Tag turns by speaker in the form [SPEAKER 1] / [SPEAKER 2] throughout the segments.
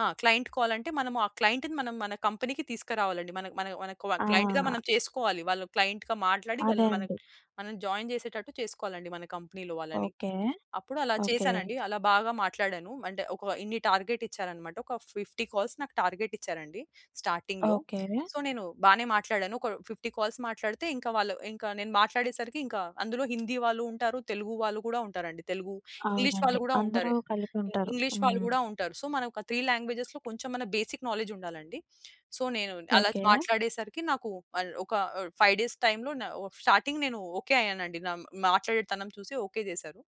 [SPEAKER 1] ఆ! క్లయింట్ కాలంటే మనము, ఆ క్లయింట్‌‌ని మనం మన కంపెనీకి తీస్కరావాలండి. మన మన మనకు క్లయింట్‌గా
[SPEAKER 2] ఆ!
[SPEAKER 1] మనం చేసుకోవాలి. వాళ్ళు క్లయింట్‌గా మాట్లాడి.
[SPEAKER 2] అదే
[SPEAKER 1] వాళ్ళని మనం
[SPEAKER 2] అండి.
[SPEAKER 1] మనం జాయిన్ చేసేటట్టు చేసుకోవాలండి మన కంపెనీలో వాళ్ళని.
[SPEAKER 2] ఓకే.
[SPEAKER 1] అప్పుడు అలా
[SPEAKER 2] ఓకే.
[SPEAKER 1] చేసానండి. అలా బాగా మాట్లాడాను. అంటే ఒక ఇన్ని టార్గెట్ ఇచ్చారన్నమాట. ఒక 50 కాల్స్ నాకు టార్గెట్ ఇచ్చారండి స్టార్టింగ్‌లో.
[SPEAKER 2] ఓకే.
[SPEAKER 1] సో, నేను బానే మాట్లాడాను. ఒక 50 కాల్స్ మాట్లాడితే ఇంకా వాళ్ళు ఇంకా నేను మాట్లాడే సరికి ఇంకా అందులో హిందీ వాళ్ళు ఉంటారు. తెలుగు వాళ్ళు గూడా ఉంటారండి. తెలుగు, ఇంగ్లీష్
[SPEAKER 2] అవునండి.
[SPEAKER 1] వాళ్ళు గూడా
[SPEAKER 2] అందరూ
[SPEAKER 1] ఉంటారు.
[SPEAKER 2] కలిపుంటారు.
[SPEAKER 1] ఇంగ్లీష్ వాళ్ళు
[SPEAKER 2] హ్మ్.
[SPEAKER 1] గూడా ఉంటారు. సో, మనకొక 3 లాంగ్వేజెస్‌‌లో కొంచెం అన్న బేసిక్ నాలెడ్జ్ ఉండాలండి. సో, నేను అలా
[SPEAKER 2] ఓకే.
[SPEAKER 1] మాట్లాడేసరికి నాకు మల్ ఒక 5 డేస్ టైం‌లో న ఓ స్టార్టింగ్ నేను ఓకే అయ్యానండి నా మాట్లాడేటితనం చూసి ఓకే జేసారు.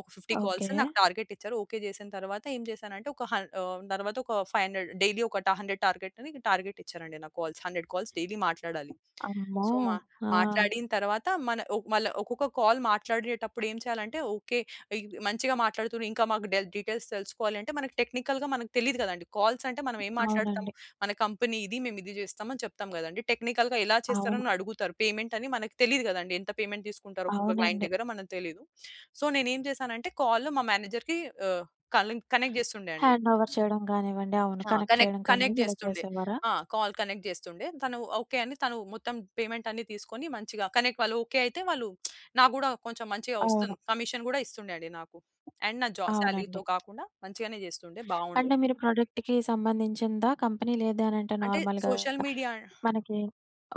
[SPEAKER 1] ఒక 50 కాల్స్
[SPEAKER 2] ఓకే.
[SPEAKER 1] నాకు టార్గెట్ ఇచ్చారు. ఓకే చేసిన తర్వాత ఏం చేసానంటే, ఒక హం ఆహ్, తర్వాత ఒక 500 డైలీ ఒక టా 100 టార్గెట్ అని టార్గెట్ ఇచ్చారండి నాకు కాల్స్. 100 కాల్స్ డైలీ మాట్లాడాలి.
[SPEAKER 2] అమ్మో!
[SPEAKER 1] సో, మా
[SPEAKER 2] ఆ!
[SPEAKER 1] మాట్లాడిన తర్వాత మన ఒ మళ్ళ ఒకొక్క కాల్ మాట్లాడేటప్పుడు ఏం చేయాలంటే ఓకే. ఇ మంచిగా మాట్లాడుతుర్రు ఇంకా మాకు డె డీటెయిల్స్ తెలుసుకోవాలి అంటే మనకు టెక్నికల్‌గా మనకు తెలీదు గదండీ! కాల్స్ అంటే మనం ఏం మాట్లాడుతాము?
[SPEAKER 2] అవునండి.
[SPEAKER 1] మన కంపెనీ ఇది. మేము ఇది జేస్తాం అని చెప్తాం గదండీ! టెక్నికల్‌గా ఎలా
[SPEAKER 2] అవును.
[SPEAKER 1] చేస్తారని అడుగుతరు. పేమెంట్ అని మనకు తెలీదు గదండీ! ఎంత పేమెంట్ తీసుకుంటారో ఒక్కొక్క క్లయింట్
[SPEAKER 2] అవునండి.
[SPEAKER 1] దగ్గర మనకు తెలీదు. సో, నేనేం చేసానంటే, కాల్‌ మా మేనేజర్‌కి ఆహ్, కలె కనెక్ట్ జేస్తుండే అండి.
[SPEAKER 2] హ్యాండ్ ఓవర్ చేయడం గానివ్వండి అవును.
[SPEAKER 1] ఆ!
[SPEAKER 2] కనెక్ట్
[SPEAKER 1] కనెక్
[SPEAKER 2] చేయడం
[SPEAKER 1] కనెక్ట్
[SPEAKER 2] కానివ్వండి ఇలా
[SPEAKER 1] జేస్తుండే.
[SPEAKER 2] చేసేవారా?
[SPEAKER 1] ఆ! కాల్ కనెక్ట్ జేస్తుండే. తను ఓకే అని తను మొత్తం పేమెంట్ అన్ని తీసుకొని మంచిగా కనెక్ వాళ్లు ఓకే అయితే వాళ్లు నాకు గూడా కొంచెం మంచిగా
[SPEAKER 2] అవును.
[SPEAKER 1] ఒస్తుంది. కమిషన్ గూడా ఇస్తుండే అండి నాకు. అండ్ నా జా సాలరీతో
[SPEAKER 2] అవునండి.
[SPEAKER 1] కాకుండా మంచిగానే జేస్తుండే. బావుండే.
[SPEAKER 2] అంటే మీరు ప్రొడక్ట్‌‌కి సంబంధించిందా? కంపెనీ లేదు అనంటే
[SPEAKER 1] అంటే
[SPEAKER 2] నార్మల్‌గా
[SPEAKER 1] సోషల్ మీడియా
[SPEAKER 2] మనకి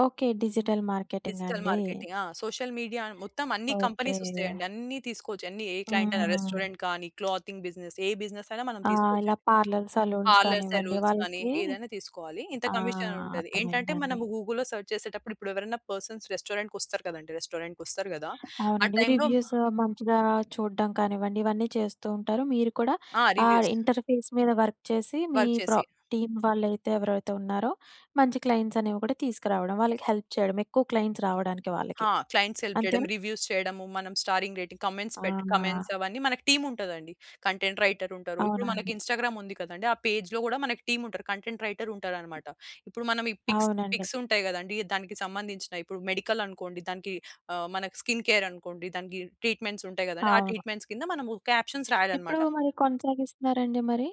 [SPEAKER 2] ఓకే. డిజిటల్ మార్కెటింగా
[SPEAKER 1] డిజిటల్
[SPEAKER 2] అండి!
[SPEAKER 1] మార్కెటింగ్. ఆ! సోషల్ మీడియా మొత్తం అన్ని
[SPEAKER 2] ఓకే.
[SPEAKER 1] కంపెనీస్ ఒస్తాయండి. అన్ని తీసుకోవచ్చు. అన్ని ఏ క్లయింట్ అయినా
[SPEAKER 2] ఆ!
[SPEAKER 1] రెస్టారెంట్ కానీ, క్లాతింగ్ బిజినెస్. ఏ బిజినెస్ అయినా మనం
[SPEAKER 2] ఆ! ఇలా
[SPEAKER 1] తీసుకోవచ్చండి.
[SPEAKER 2] పార్లర్, సలూన్స్
[SPEAKER 1] పార్లర్స్,
[SPEAKER 2] కానివ్వండి
[SPEAKER 1] సెలూన్స్ కానీ
[SPEAKER 2] వాళ్ళకి
[SPEAKER 1] ఏదైనా తీసుకోవాలి. ఇంత
[SPEAKER 2] ఆ!
[SPEAKER 1] కమిషన్ అనుంటది. ఏంటంటే
[SPEAKER 2] అర్థమైందండి.
[SPEAKER 1] మనం గూగుల్‌లో సెర్చ్ చేసేటప్పుడు ఇప్పుడెవరైనా పర్సన్స్ రెస్టారెంట్‌కొస్తారు కదండీ! రెస్టారెంట్‌కొస్తారు గదా! ఆ
[SPEAKER 2] అవునండి.
[SPEAKER 1] టైమ్‌లో
[SPEAKER 2] రివ్యూస్ మంచిగా చూడ్డం కానివ్వండి. ఇవన్నీ చేస్తూ ఉంటారు. మీరు కూడా
[SPEAKER 1] ఆ!
[SPEAKER 2] ఆ
[SPEAKER 1] రివ్యూస్.
[SPEAKER 2] ఇంటర్ఫేస్ మీద వర్క్ చేసి, మీ
[SPEAKER 1] వర్క్
[SPEAKER 2] ప్ర
[SPEAKER 1] చేసి
[SPEAKER 2] టీమ్ వాళ్ళైతే ఎవరైతే ఉన్నారో, మంచి క్లయింట్స్ అనేవి కూడా తీసుకురావడం. వాళ్ళకి హెల్ప్ చేయడం. ఎక్కువ క్లయింట్స్ రావడానికి వాళ్ళకి.
[SPEAKER 1] హా! క్లయింట్స్ హెల్ప్ చేయడం.
[SPEAKER 2] అంతేనా?
[SPEAKER 1] రివ్యూస్ చేయడము. మనం స్టారింగ్ రేటింగ్ కామెంట్స్ పెట్టి
[SPEAKER 2] ఆ!
[SPEAKER 1] కామెంట్స్ అవన్నీ మనకు టీమ్ ఉంటదండి. కంటెంట్ రైటర్ ఉంటారు. ఇప్పుడు మనకి
[SPEAKER 2] అవునండి.
[SPEAKER 1] ఇన్స్టాగ్రామ్ ఉంది కదండీ! ఆ పేజ్‌లో గూడా మన టీమ్ ఉంటరు. కంటెంట్ రైటర్ ఉంటారన్నమాట. ఇప్పుడు మనం ఈ పిక్స్
[SPEAKER 2] అవునండి.
[SPEAKER 1] పిక్స్ ఉంటాయి గదండీ! దానికి సంబంధించినయి ఇప్పుడు మెడికల్ అనుకోండి. దానికి ఆహ్, మన స్కిన్ కేర్ అనుకోండి. దానికి ట్రీట్మెంట్స్ ఉంటాయి గదండి! ఆ
[SPEAKER 2] అవును.
[SPEAKER 1] ట్రీట్మెంట్స్ కింద మనము క్యాప్షన్స్
[SPEAKER 2] ఇప్పుడు
[SPEAKER 1] రాయాలన్నమాట.
[SPEAKER 2] మరి కొనసాగిస్తున్నారా అండి మరి?